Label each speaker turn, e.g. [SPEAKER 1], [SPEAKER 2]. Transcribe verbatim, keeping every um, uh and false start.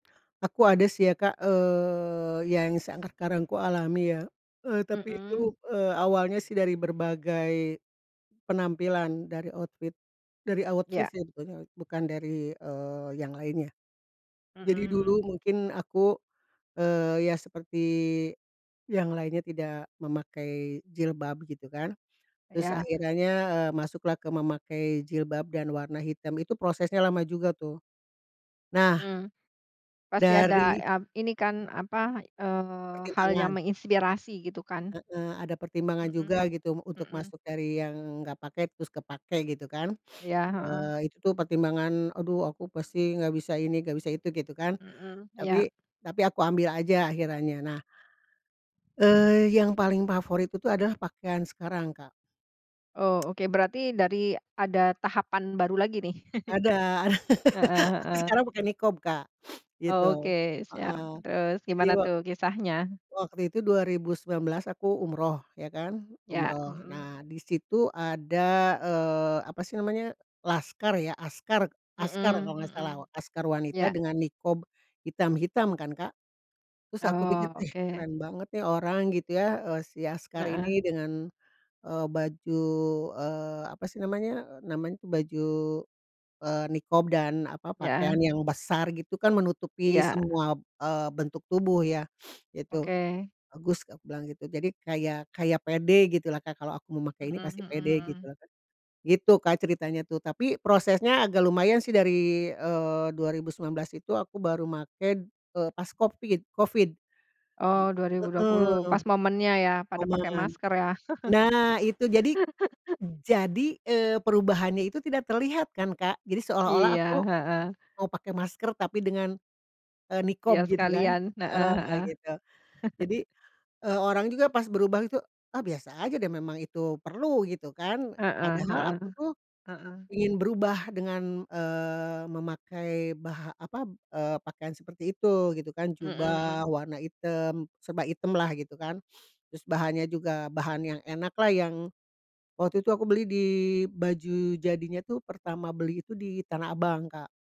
[SPEAKER 1] Aku ada sih ya, Kak, eee, seangkakarang kualami ya, eee, tapi itu,
[SPEAKER 2] Mhm.
[SPEAKER 1] eee, awalnya sih dari berbagai penampilan, dari outfit dari outfit
[SPEAKER 2] Iya.
[SPEAKER 1] sih pokoknya, bukan dari, eee, yang lainnya.
[SPEAKER 2] Mhm
[SPEAKER 1] Jadi
[SPEAKER 2] mhm.
[SPEAKER 1] dulu mungkin aku, eee, ya seperti yang lainnya tidak memakai jilbab gitu kan, terus
[SPEAKER 2] Iya.
[SPEAKER 1] akhirannya, eee, masuklah ke memakai jilbab dan warna hitam, itu prosesnya lama juga tuh. Nah,
[SPEAKER 2] Hmm, pasti ada
[SPEAKER 1] dari
[SPEAKER 2] a ini kan, apa, eee, hal yang
[SPEAKER 1] Pertimbangan.
[SPEAKER 2] menginspirasi gitu kan?
[SPEAKER 1] Heeh, ada pertimbangan
[SPEAKER 2] Mhm,
[SPEAKER 1] juga gitu untuk
[SPEAKER 2] mhm.
[SPEAKER 1] masuk dari yang gak pakai, terus kepakai gitu kan,
[SPEAKER 2] Iya, heeh.
[SPEAKER 1] eee, itu tuh pertimbangan, "Aduh aku pasti nggak bisa ini, nggak bisa itu," gitu kan.
[SPEAKER 2] Mhm, iya.
[SPEAKER 1] Tapi tapi aku ambil aja akhirannya. Nah eee, yang paling favorit itu adalah pakaian sekarang, Kak.
[SPEAKER 2] Oh, oke berarti dari, ada tahapan baru lagi nih.
[SPEAKER 1] Ada ada.
[SPEAKER 2] Heeh
[SPEAKER 1] Aku
[SPEAKER 2] heeh.
[SPEAKER 1] sekarang pakai niqab, Kak, gitu,
[SPEAKER 2] Oke,
[SPEAKER 1] heeh.
[SPEAKER 2] siap terus
[SPEAKER 1] Jadi
[SPEAKER 2] gimana
[SPEAKER 1] wak
[SPEAKER 2] tuh kisahnya?
[SPEAKER 1] waktu itu dua ribu sembilan belas aku umroh ya kan,
[SPEAKER 2] Ya,
[SPEAKER 1] umroh.
[SPEAKER 2] mhm.
[SPEAKER 1] Nah, di situ ada, eee, apa sih namanya, laskar ya, askar askar kalau
[SPEAKER 2] Mhm
[SPEAKER 1] nggak
[SPEAKER 2] mhm,
[SPEAKER 1] salah. Askar wanita
[SPEAKER 2] iya.
[SPEAKER 1] dengan niqab hitam-hitam kan, Kak. Terus aku pikir,
[SPEAKER 2] Oh,
[SPEAKER 1] "Ih
[SPEAKER 2] oke.
[SPEAKER 1] keren banget nih orang," gitu ya, eee, si askar
[SPEAKER 2] Heeh.
[SPEAKER 1] ini dengan, eee, baju, eee, apa sih namanya, namanya baju, eee, niqab dan, apa,
[SPEAKER 2] Ya,
[SPEAKER 1] pakaian
[SPEAKER 2] eh.
[SPEAKER 1] yang besar gitu kan menutupi
[SPEAKER 2] Iya.
[SPEAKER 1] semua, eee, bentuk tubuh ya, itu.
[SPEAKER 2] Oke.
[SPEAKER 1] "Bagus" aku bilang gitu. Jadi kayak kayak pede gitu lah, Kak, kalau aku memakai
[SPEAKER 2] Mhm
[SPEAKER 1] ini pasti
[SPEAKER 2] mhm
[SPEAKER 1] pede gitu
[SPEAKER 2] mhm.
[SPEAKER 1] lah Kak. Gitu, Kak, ceritanya tuh, tapi prosesnya agak lumayan sih dari, eee, dua ribu sembilan belas itu aku baru make, eee, pas Covid Covid.
[SPEAKER 2] Oh,
[SPEAKER 1] Ji
[SPEAKER 2] dua ribu dua puluh
[SPEAKER 1] heeh,
[SPEAKER 2] pas momennya ya, pada pakai
[SPEAKER 1] momen.
[SPEAKER 2] masker ya.
[SPEAKER 1] Nah, itu, jadi jadi, eee, perubahannya itu tidak terlihat kan, Kak. Jadi seolah-olah
[SPEAKER 2] Iya,
[SPEAKER 1] aku
[SPEAKER 2] heeh.
[SPEAKER 1] mau pakai masker tapi dengan, eee,
[SPEAKER 2] Iya
[SPEAKER 1] niqab gitu kan
[SPEAKER 2] sekalian, heeh
[SPEAKER 1] heeh,
[SPEAKER 2] heeh.
[SPEAKER 1] gitu. Jadi, eee, orang juga pas berubah gitu, "Ah biasa aja deh, memang itu perlu gitu kan."
[SPEAKER 2] Heeh
[SPEAKER 1] Padahal
[SPEAKER 2] heeh,
[SPEAKER 1] aku tuh
[SPEAKER 2] heeh.
[SPEAKER 1] ingin berubah dengan, eee, memakai bah apa, eee, pakaian seperti itu gitu kan.
[SPEAKER 2] Mhm
[SPEAKER 1] Jubah
[SPEAKER 2] mhm.
[SPEAKER 1] warna item, serba item lah gitu kan. Terus bahannya juga bahan yang enak lah yang, waktu itu aku beli di baju jadinya tuh pertama beli itu di Tanah Abang, Kak.